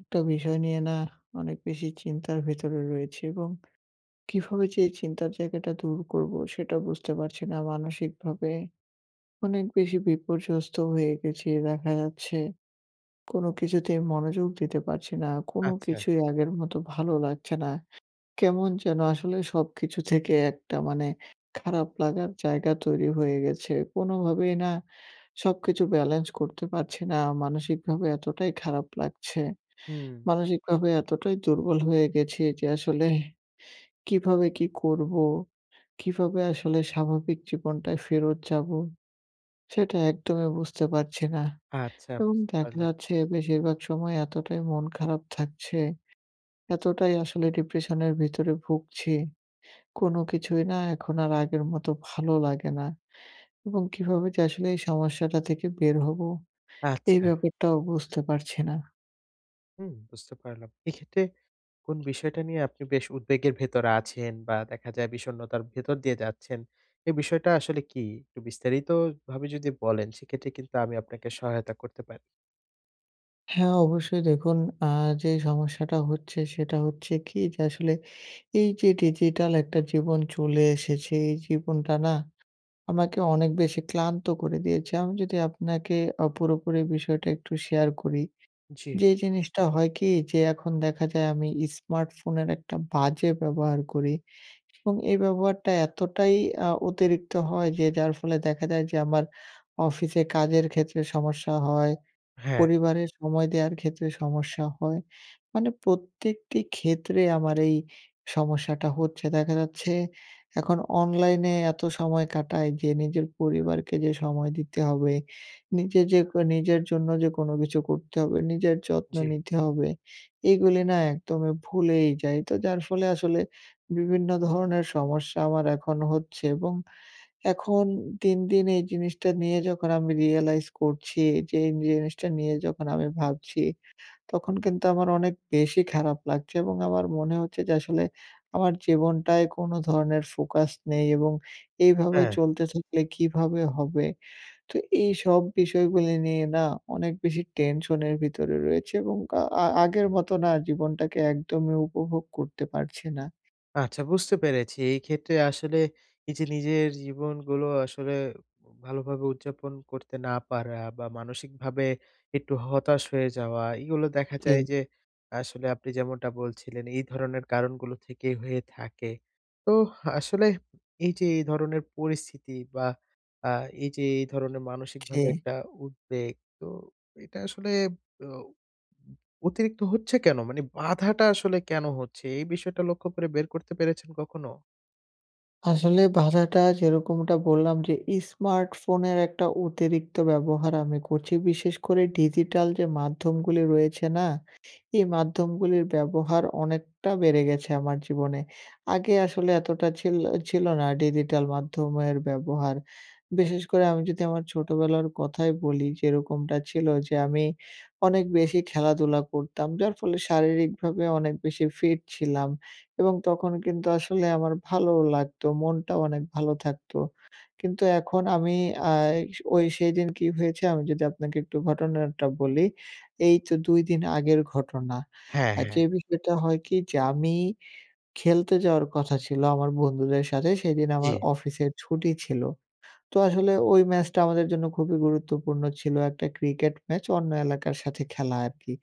একটা বিষয় নিয়ে না অনেক বেশি চিন্তার ভেতরে রয়েছি এবং কিভাবে যে এ চিন্তার জায়গাটা দূর করবো? সেটাও বুঝতে পারছি না, মানসিক ভাবে অনেক বেশি বিপর্যস্ত হয়ে গেছি। দেখা যাচ্ছে কোনো কিছুতেই মনোযোগ দিতে পারছি না, কোনো আচ্ছা। কিছুই আগের মতো ভালো লাগছে না, কেমন যেনো আসলে সবকিছু থেকে একটা মানে খারাপ লাগার জায়গা তৈরি হয়ে গেছে। কোনোভাবেই না সবকিছু ব্যালেন্স করতে পারছি না, মানসিক ভাবে এতটাই খারাপ লাগছে। হুম। মানসিকভাবে এতটাই দুর্বল হয়ে গেছি যে আসলে, কিভাবে কি করবো? কিভাবে আসলে স্বাভাবিক জীবনটায় ফেরত যাবো? সেটা একদমই বুঝতে পারছি না, আচ্ছা, এবং বুঝতে দেখা পারলাম। যাচ্ছে বেশিরভাগ সময় এতটাই মন খারাপ থাকছে, এতটাই আসলে ডিপ্রেশনের ভেতরে ভুগছি, কোনো কিছুই না এখন আর আগের মতো ভালো লাগে না এবং কিভাবে যে আসলে এই সমস্যাটা থেকে একটু বের হবো? এই আচ্ছা। ব্যাপারটাও বুঝতে পারছি না। হুম, বুঝতে পারলাম। এইক্ষেত্রে কোন বিষয়টা নিয়ে আপনি বেশ উদ্বেগের ভেতরে আছেন বা দেখা যায় বিষণ্ণতার ভেতর দিয়ে যাচ্ছেন। এই বিষয়টা আসলে কি? একটু বিস্তারিত ভাবে যদি বলেন সেক্ষেত্রে কিন্তু আমি আপনাকে সহায়তা করতে পারি। হ্যাঁ, অবশ্যই, দেখুন আ যে সমস্যাটা হচ্ছে, সেটা হচ্ছে কি যে আসলে, এই যে ডিজিটাল একটা জীবন চলে এসেছে এই জীবনটা না, আমাকে অনেক বেশি ক্লান্ত করে দিয়েছে। আমি যদি আপনাকে অ পুরোপুরি বিষয়টা একটু শেয়ার করি, জি। যে জিনিসটা হয় কি, যে এখন দেখা যায় আমি ইস্মার্টফোনের একটা বাজে ব্যবহার করি এবং এই ব্যবহারটা এতটাই আ অতিরিক্ত হয় যে যার ফলে দেখা যায় যে, আমার অফিসে কাজের ক্ষেত্রে সমস্যা হয়, হ্যাঁ। পরিবারের সময় দেওয়ার ক্ষেত্রে সমস্যা হয়। মানে প্রত্যেকটি ক্ষেত্রে আমার এই সমস্যাটা হচ্ছে। দেখা যাচ্ছে এখন অনলাইনে এত সময় কাটাই যে নিজের পরিবারকে যে সময় দিতে হবে, নিজে যে ক নিজের জন্য যে কোনো কিছু করতে হবে, নিজের যত্ন জি। নিতে হবে, এগুলি না একদমই ভুলেই যাই। তো যার ফলে আসলে বিভিন্ন ধরনের সমস্যা আমার এখনো হচ্ছে এবং এখন দিন, দিন এই জিনিসটা নিয়ে যখন আমি রিয়েলাইজ করছি, যে এই জিনিসটা নিয়ে যখন আমি ভাবছি, তখন কিন্তু আমার অনেক বেশি খারাপ লাগছে এবং আমার মনে হচ্ছে যে, আসলে আমার জীবনটায় কোনো ধরনের ফোকাস নেই এবং এইভাবে হ্যাঁ। চলতে থাকলে কিভাবে হবে। তো এইসব বিষয়গুলি নিয়ে না অনেক বেশি টেনশনের ভিতরে রয়েছে এবং কা আ আগের মতো না জীবনটাকে একদমই উপভোগ করতে পারছি না। আচ্ছা বুঝতে পেরেছি, এই ক্ষেত্রে আসলে এই যে নিজের জীবনগুলো আসলে, ভালো ভাবে উদযাপন করতে না পারা বা মানসিক ভাবে একটু হতাশ হয়ে যাওয়া, এইগুলো দেখা যায় ফি যে আসলে আপনি যেমনটা বলছিলেন এই ধরনের কারণগুলো থেকেই হয়ে থাকে। তো আসলে, এই যে এই ধরনের পরিস্থিতি বা আ এই যে এই ধরনের মানসিকভাবে জি। একটা উদ্বেগ তো এটা আসলে, ও অতিরিক্ত হচ্ছে কেন? মানে বাধাটা আসলে কেন হচ্ছে? এই বিষয়টা লক্ষ্য করে বের করতে পেরেছেন কখনো? আসলে বাধাটা যেরকমটা বললাম যে স্মার্টফোনের একটা অতিরিক্ত ব্যবহার আমি করছি। বিশেষ করে ডিজিটাল যে মাধ্যমগুলি রয়েছে না? এই মাধ্যমগুলির ব্যবহার অনেকটা বেড়ে গেছে আমার জীবনে। আগে আসলে এতটা ছিল ছিল না ডিজিটাল মাধ্যমের ব্যবহার। বিশেষ করে আমি যদি আমার ছোটবেলার কথাই বলি, যেরকমটা ছিল যে আমি অনেক বেশি খেলাধুলা করতাম। যার ফলে শারীরিকভাবে অনেক বেশি ফিট ছিলাম এবং তখন কিন্তু আসলে আমার ভালোও লাগতো। মনটাও অনেক ভালো থাকত। কিন্তু এখন আমি আ এস ওই সেদিন কি হয়েছে আমি যদি আপনাকে একটু ঘটনাটা বলি। এই তো ২ দিন আগের ঘটনা। হ্যাঁ, আ হ্যাঁ। যে বিষয়টা হয় কি যে আমি খেলতে যাওয়ার কথা ছিল আমার বন্ধুদের সাথে সেদিন জি। আমার অফিসের ছুটি ছিল। তো আসলে ওই ম্যাচটা আমাদের জন্য খুবই গুরুত্বপূর্ণ ছিল। একটা ক্রিকেট ম্যাচ অন্য এলাকার সাথে খেলা আরকি।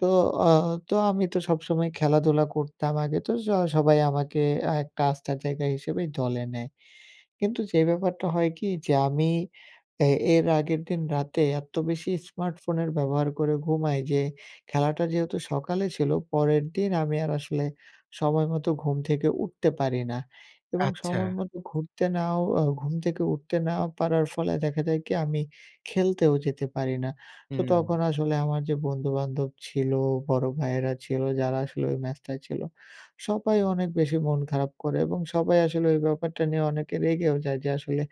তো আ তো আমি তো সবসময় খেলাধুলা করতাম আগে, তো স সবাই আমাকে আ একটা আস্থার জায়গা হিসেবেই দলে নেয়। কিন্তু যে ব্যাপারটা হয় কি? যে আমি এ এর আগের দিন রাতে এত বেশি স্মার্টফোনের ব্যবহার করে ঘুমাই যে খেলাটা যেহেতু সকালে ছিল, পরের দিন আমি আর আসলে সময়মতো ঘুম থেকে উঠতে পারি না এবং আচ্ছা। সময়মতো ঘুরতে নাও আ ঘুম থেকে উঠতে না পারার ফলে দেখা যায় কি? আমি খেলতেও যেতে পারি না। তো হুম। তখন আসলে আমার যে বন্ধু-বান্ধব ছিল, বড় ভাইয়েরা ছিল, যারা আসলে ওই ম্যাচটায় ছিল সবাই অনেক বেশি মন খারাপ করে এবং সবাই আসলে ওই ব্যাপারটা নিয়ে অনেকে রেগেও যায়। যে আসলে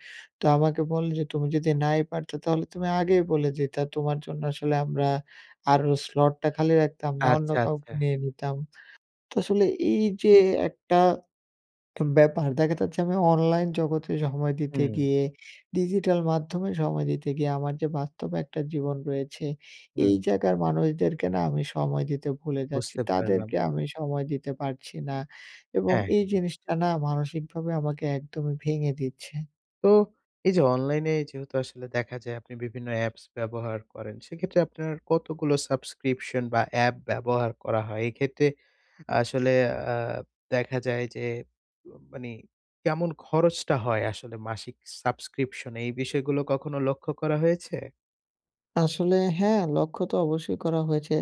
তো আমাকে বলে যে, "তুমি যদি নাই পারতে তাহলে তুমি আগেই বলে দিতা। তোমার জন্য আসলে আমরা আরো slot টা খালি রাখতাম না, অন্য আচ্ছা, আচ্ছা। কাউকে নিয়ে নিতাম।" তো আসলে, এই যে একটা উ ব্যাপার, দেখা যাচ্ছি আমি অনলাইন জগতে সময় দিতে হুম। গিয়ে, ডিজিটাল মাধ্যমে সময় দিতে গিয়ে, আমার যে বাস্তব একটা জীবন রয়েছে, হুম। এই জায়গার মানুষদেরকে না আমি সময় দিতে ভুলে যাচ্ছি। বুঝতে পারলাম। তাদেরকে আমি সময় দিতে পারছি না এবং হ্যাঁ। এই জিনিসটা না মানসিকভাবে আমাকে একদমই ভেঙে দিচ্ছে। তো, এই যে অনলাইনে যেহেতু আসলে দেখা যায় আপনি বিভিন্ন অ্যাপস ব্যবহার করেন, সেক্ষেত্রে আপনার কতগুলো subscription বা অ্যাপ ব্যবহার করা হয়? এক্ষেত্রে, আসলে আ দেখা যায় যে মা মানি কেমন খরচটা হয় আসলে মাসিক subscription? এই বিষয়গুলো কখনো লক্ষ্য করা হয়েছে? আসলে হ্যাঁ, লক্ষ্য তো অবশ্যই করা হয়েছে।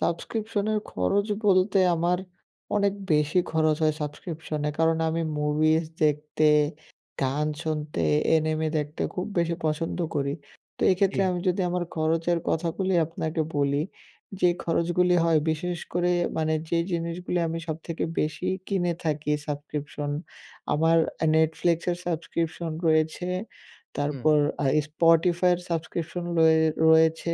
সাবস্ক্রিপশনের খরচ বলতে আমার অনেক বেশি খরচ হয় সাবস্ক্রিপশনে, কারণ আমি মুভিজ দেখতে, গান শুনতে, এনিমে দেখতে খুব বেশি পছন্দ করি। তো এক্ষেত্রে জ্বি। আমি যদি আমার খরচের কথাগুলি আপনাকে বলি, যে খরচগুলি হয়। বিশেষ করে মানে যে জিনিসগুলি আমি সবথেকে বেশিই কিনে থাকি সাবক্রিপশন, আমার Netflix এর সাবস্ক্রিপশন রয়েছে, হুম। তারপর আ Spotify এর সাবস্ক্রিপশন রয়ে রয়েছে,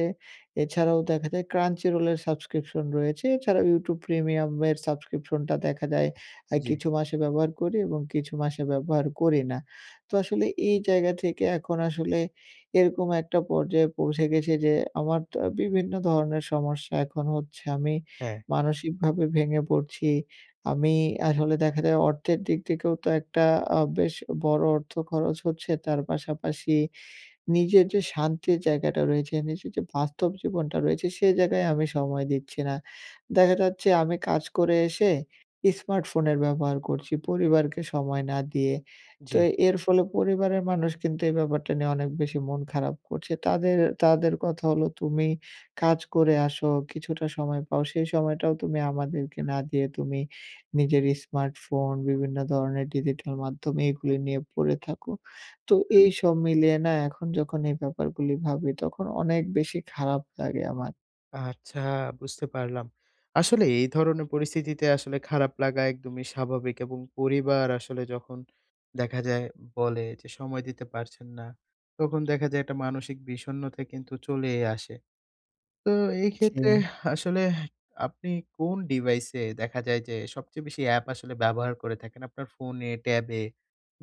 এছাড়াও দেখা যায় Crunchyroll এর সাবস্ক্রিপশন রয়েছে, এছাড়াও YouTube প্রিমিয়ামের সাবস্ক্রিপশনটা দেখা যায়, আ জ্বি। কিছু মাসে ব্যবহার করি এবং কিছু মাসে ব্যবহার করি না। তো আসলে এই জায়গা থেকে এখন আসলে, এরকম একটা পর্যায়ে পৌঁছে গেছি যে, আমার তো বিভিন্ন ধরনের সমস্যা এখন হচ্ছে। আমি হ্যাঁ। মানসিকভাবে ভেঙে পড়ছি, আমি আসলে দেখা যায় অর্থের দিক থেকেও তো একটা আ বেশ বড় অর্থ খরচ হচ্ছে, তার পাশাপাশি নিজের যে শান্তির জায়গাটা রয়েছে, নিজের যে বাস্তব জীবনটা রয়েছে সেই জায়গায় আমি সময় দিচ্ছি না। দেখা যাচ্ছে আমি কাজ করে এসে ইস্মার্টফোনের ব্যবহার করছি, পরিবারকে সময় না দিয়ে। তো জ্বি। এর ফলে পরিবারের মানুষ কিন্তু এই ব্যাপারটা নিয়ে অনেক বেশি মন খারাপ করছে। তাদের, তাদের, কথা হলো তুমি কাজ করে আসো, কিছুটা সময় পাও, সেই সময়টাও তুমি আমাদেরকে না দিয়ে তুমি নিজের ইস্মার্টফোন, বিভিন্ন ধরনের ডিজিটাল মাধ্যম এইগুলি নিয়ে পড়ে থাকো, তো এইসব মিলিয়ে না এখন যখন এই ব্যাপারগুলি ভাবি তখন অনেক বেশি খারাপ লাগে আমার। আচ্ছা। বুঝতে পারলাম। আসলে এই ধরনের পরিস্থিতিতে আসলে, খারাপ লাগা একদমই স্বাভাবিক। এবং পরিবার আসলে যখন, দেখা যায় বলে যে সময় দিতে পারছেন না। তখন দেখা যায় একটা মানসিক বিষণ্নতা কিন্তু চলেই আসে। তো এই ক্ষেত্রে ছি। আসলে, আপনি কোন ডিভাইসে, দেখা যায় যে সবচেয়ে বেশি অ্যাপ আসলে ব্যবহার করে থাকেন আপনার ফোনে, ট্যাবে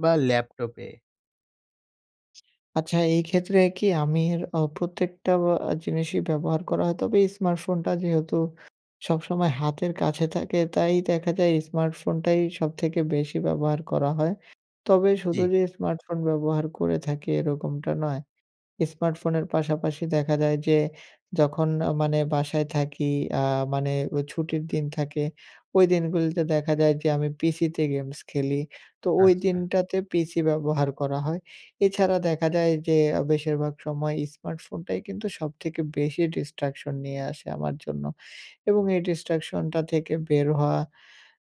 বা ল্যাপটপে? আচ্ছা, এই ক্ষেত্রে কি আমার অ প্রত্যেকটা অ জিনিসই ব্যবহার করা হয়। তবে স্মার্টফোনটা যেহেতু সবসময় হাতের কাছে থাকে, তাই দেখা যায় স্মার্টফোনটাই সবথেকে বেশি ব্যবহার করা হয়। তবে শুধু জী। যে স্মার্টফোন ব্যবহার করে থাকি এরকমটা নয়। স্মার্টফোনের পাশাপাশি দেখা যায় যে, যখন আ মানে বাসায় থাকি আ মানে ওই ছুটির দিন থাকে, ওই দিনগুলিতে দেখা যায় যে আমি পিসিতে গেমস খেলি। তো ওই আচ্ছা। দিনটাতে পিসি ব্যবহার করা হয়। এছাড়া দেখা যায় যে, আ বেশিরভাগ সময় স্মার্টফোনটাই কিন্তু সবথেকে বেশি destruction নিয়ে আসে আমার জন্য। এবং এই destruction টা থেকে বের হওয়া,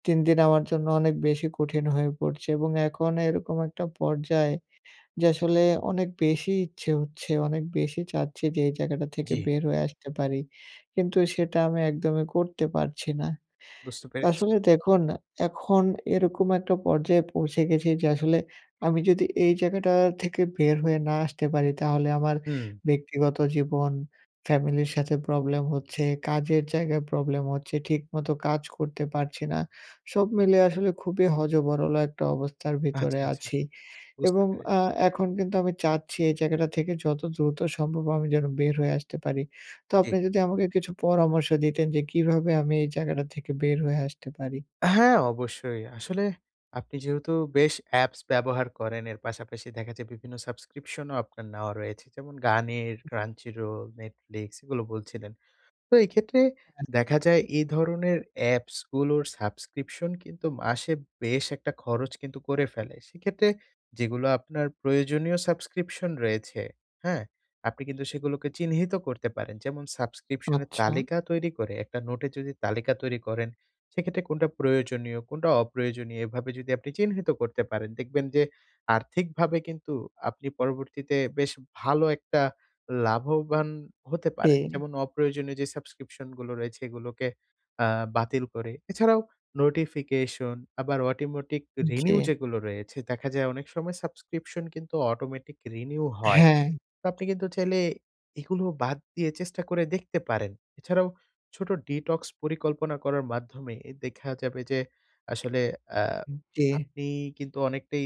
দিন-দিন আমার জন্য অনেক বেশি কঠিন হয়ে পড়ছে এবং এখন এরকম একটা পর্যায়, যে আসলে অনেক বেশি ইচ্ছে হচ্ছে। অনেক বেশি চাচ্ছি যে এই জায়গাটা থেকে জী। বের হয়ে আসতে পারি। কিন্তু সেটা আমি একদমই করতে পারছি না। বুঝতে তা পেরেছি। আসলে দেখুন, এখন এরকম একটা পর্যায়ে পৌঁছে গেছি যে আসলে, আমি যদি এই জায়গাটা থেকে বের হয়ে না আসতে পারি, তাহলে আমার হুম। ব্যক্তিগত জীবন, ফ্যামিলির সাথে প্রবলেম হচ্ছে, কাজের জায়গায় প্রবলেম হচ্ছে, ঠিক মতো কাজ করতে পারছি না। সব মিলে আসলে খুবই হ-য-ব-র-ল একটা অবস্থার আচ্ছা, ভেতরে আচ্ছা। আছি। বুঝতে এবং আ পেরেছি। এখন কিন্তু আমি চাচ্ছি এই জায়গাটা থেকে যত দ্রুত সম্ভব আমি যেন বের হয়ে আসতে পারি। তো জী। আপনি যদি আমাকে কিছু পরামর্শ দিতেন, যে কিভাবে আমি এই জায়গাটা থেকে বের হয়ে আসতে পারি? হ্যাঁ, অবশ্যই, আসলে আপনি যেহেতু বেশ অ্যাপস ব্যবহার করেন, এর পাশাপাশি দেখা যায় বিভিন্ন সাবস্ক্রিপশনও আপনার নেওয়া রয়েছে, যেমন গানের, Crunchyroll, Netflix, এগুলো বলছিলেন। তো এক্ষেত্রে হ্যাঁ। দেখা যায় এই ধরনের অ্যাপসগুলোর সাবস্ক্রিপশন কিন্তু মাসে বেশ একটা খরচ কিন্তু করে ফেলে। সেক্ষেত্রে যেগুলো আপনার প্রয়োজনীয় সাবস্ক্রিপশন রয়েছে, হ্যাঁ? আপনি কিন্তু সেগুলোকে চিহ্নিত করতে পারেন। যেমন সাবস্ক্রিপশনের আচ্ছা। তালিকা তৈরি করে একটা নোটে যদি তালিকা তৈরি করেন, সেক্ষেত্রে কোনটা প্রয়োজনীয় কোনটা অপ্রয়োজনীয় এভাবে যদি আপনি চিহ্নিত করতে পারেন, দেখবেন যে আর্থিকভাবে কিন্তু আপনি পরবর্তীতে বেশ ভালো একটা লাভবান হতে পারেন। এ। যেমন অপ্রয়োজনীয় যে সাবস্ক্রিপশনগুলো রয়েছে, এগুলোকে আ বাতিল করে। এছাড়াও নোটিফিকেশন আবার অটোমেটিক উম রিনিউ জী। যেগুলো রয়েছে, দেখা যায় অনেক সময় সাবস্ক্রিপশন কিন্তু অটোমেটিক রিনিউ হয়, হ্যাঁ। আপনি কিন্তু চাইলে, এগুলো বাদ দিয়ে চেষ্টা করে দেখতে পারেন। এছাড়াও, ছোট ডিটক্স পরিকল্পনা করার মাধ্যমে এ দেখা যাবে যে, আসলে অ্যা উম জী। আপনি কিন্তু অনেকটাই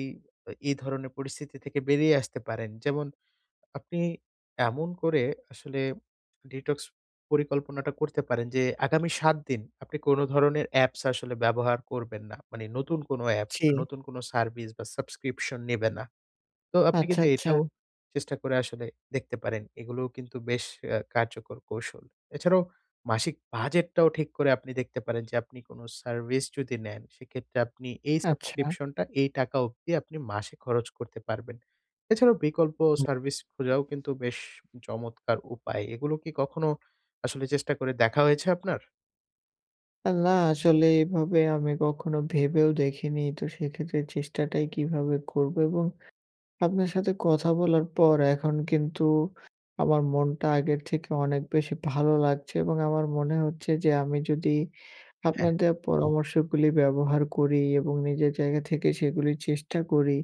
এ ধরনের পরিস্থিতি থেকে বেরিয়ে আসতে পারেন। যেমন আপনি এমন করে আসলে ডিটক্স পরিকল্পনাটা করতে পারেন যে, আগামী ৭ দিন আপনি কোন ধরনের অ্যাপস আসলে ব্যবহার করবেন না। মানে নতুন কোনো অ্যাপস বা জি। নতুন কোনো সার্ভিস বা সাবস্ক্রিপশন নেবে না। তো আপনি আচ্ছা, কিন্তু আচ্ছা। এটাও চেষ্টা করে আসলে দেখতে পারেন। এগুলোও কিন্তু বেশ অ্যা কার্যকর কৌশল। এছাড়াও মাসিক বাজেটটাও ঠিক করে আপনি দেখতে পারেন যে আপনি কোনো সার্ভিস যদি নেন, সেক্ষেত্রে আপনি এই আচ্ছা। সাবস্ক্রিপশনটা এই টাকা অবধি আপনি মাসে খরচ করতে পারবেন। এছাড়াও বিকল্প সার্ভিস খোঁজাও কিন্তু বেশ চমৎকার উপায়। এগুলো কি কখনো আসলে চেষ্টা করে দেখা হয়েছে আপনার? আল্লাহ! আসলে এভাবে আমি কখনো ভেবেও দেখিনি! তো সেক্ষেত্রে চেষ্টাটাই কিভাবে করব? এবং আপনার সাথে কথা বলার পর এখন কিন্তু আমার মনটা আগের থেকে অনেক বেশি ভালো লাগছে এবং আমার মনে হচ্ছে যে আমি যদি হ্যাঁ। আপনার দেওয়া পরামর্শগুলি ব্যবহার করি এবং নিজের জায়গা থেকে সেগুলির চেষ্টা করি,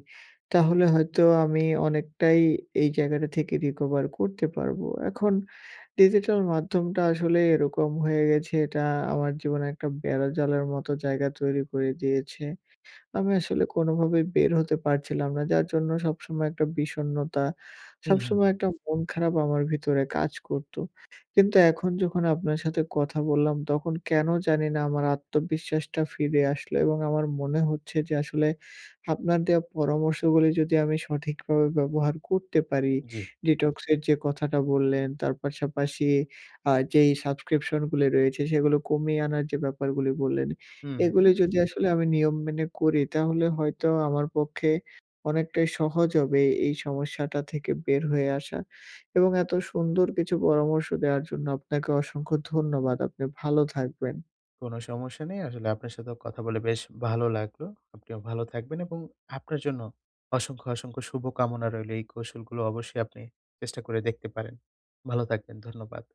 তাহলে হয়তো আমি অনেকটাই এই জায়গাটা থেকে রিকভার করতে পারব। এখন ডিজিটাল মাধ্যমটা আসলে এরকম হয়ে গেছে এটা আমার জীবনে একটা বেড়াজালের মতো জায়গা তৈরি করে দিয়েছে। আমি আসলে কোনোভাবেই বের হতে পারছিলাম না যার জন্য সবসময় একটা বিষণ্ণতা, উম, হুম। সবসময় একটা মন খারাপ আমার ভিতরে কাজ করতো। কিন্তু এখন যখন আপনার সাথে কথা বললাম, তখন কেনো জানি না আমার আত্মবিশ্বাসটা ফিরে আসলো। এবং আমার মনে হচ্ছে যে আসলে আপনার দেয়া পরামর্শগুলি যদি আমি সঠিকভাবে ব্যবহার করতে পারি, জ্বী। detox এর যে কথাটা বললেন, তার পাশাপাশি আ যেই সাবস্ক্রিপশন গুলো রয়েছে, সেগুলো কমিয়ে আনার যে ব্যাপারগুলি বললেন। হুম, হুম। এগুলো যদি আসলে আমি নিয়ম মেনে করি তাহলে হয়তো আমার পক্ষে অনেকটাই সহজ হবে এই সমস্যাটা থেকে বের হয়ে আসা। এবং এত সুন্দর কিছু পরামর্শ দেওয়ার জন্য আপনাকে অসংখ্য ধন্যবাদ। আপনি ভালো থাকবেন। কোনো সমস্যা নেই, আসলে আপনার সাথেও কথা বলে বেশ ভালো লাগলো। আপনিও ভালো থাকবেন এবং আপনার জন্য অসংখ্য, অসংখ্য শুভকামনা রইলো। এই কৌশলগুলো অবশ্যই আপনি চেষ্টা করে দেখতে পারেন। ভালো থাকবেন, ধন্যবাদ।